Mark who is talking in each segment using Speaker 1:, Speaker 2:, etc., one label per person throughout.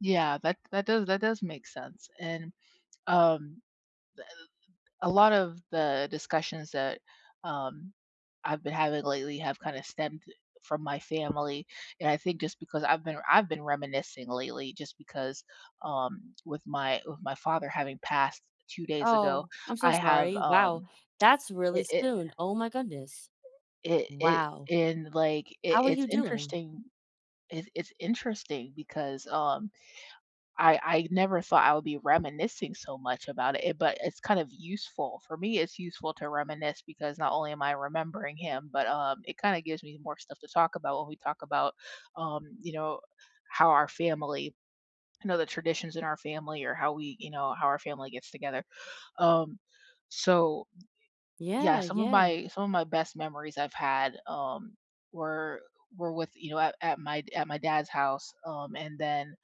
Speaker 1: Yeah, that that does that does make sense. And, um, the, uh, a lot of the discussions that, um, I've been having lately have kinda stemmed, eh, from my family, and I think just because I've been I've been reminiscing lately just because, um, with my with my father having passed 2 days ago,
Speaker 2: Oh, I'm so
Speaker 1: I have,
Speaker 2: sorry. Wow,
Speaker 1: um,
Speaker 2: that's really
Speaker 1: it, it
Speaker 2: soon, oh my goodness.
Speaker 1: It it
Speaker 2: Wow.
Speaker 1: it and, like, i
Speaker 2: How are
Speaker 1: it's
Speaker 2: you doing?
Speaker 1: interesting it's it's interesting because, um, I I never thought I would be reminiscing so much about it, eh, but it's kind of useful. For me, it's useful to reminisce because not only am I remembering him, but, um, it kinda gives me more stuff to talk about when we talk about, um, you know, how our family you know, the traditions in our family or how we, you know, how our family gets together. Um, so y yeah,
Speaker 2: Yeah,
Speaker 1: some of
Speaker 2: yeah.
Speaker 1: my some of my best memories I've had, um, were uh, were with, you know at at my d at my dad's house, um, and then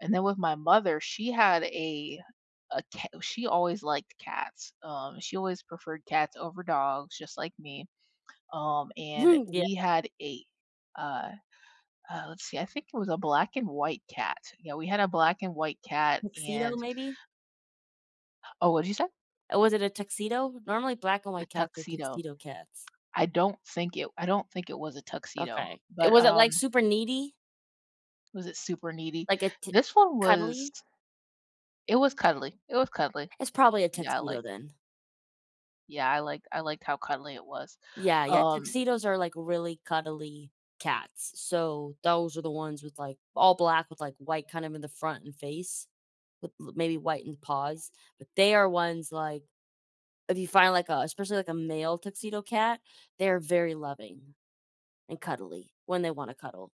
Speaker 1: and then with my mother, she had a a ca oh, she always liked cats. Um, she always preferred cats over dogs just like me, um, and
Speaker 2: Yeah
Speaker 1: we had a uh, uh, let's see, I think it was a black and white cat. Yeah, we had a black and white cat
Speaker 2: Tuxedo,
Speaker 1: and
Speaker 2: maybe?
Speaker 1: Oh, what did you say?
Speaker 2: Oh, was it a tuxedo? Normally, black and
Speaker 1: The
Speaker 2: white cats are
Speaker 1: tuxedo.
Speaker 2: tuxedo cats.
Speaker 1: I don't think it I don't think it was a tuxedo,
Speaker 2: Okay, it
Speaker 1: but,
Speaker 2: was it, like,
Speaker 1: um
Speaker 2: super needy?
Speaker 1: Was it super needy?
Speaker 2: Like, a t
Speaker 1: This one was
Speaker 2: cuddly?
Speaker 1: It was cuddly, it was cuddly.
Speaker 2: It's probably a
Speaker 1: Yeah,
Speaker 2: tuxedo
Speaker 1: like
Speaker 2: then.
Speaker 1: Yeah, I liked I liked how cuddly it was.
Speaker 2: Yeah, yeah,
Speaker 1: Um
Speaker 2: tuxedos are, like, really cuddly cats. So, those are the ones with, like, all black with, like, white kind of in the front and face with l maybe whitened paws. But they are ones, like If you find, like, a especially like a male tuxedo cat, they're very loving and cuddly when they wanna cuddle.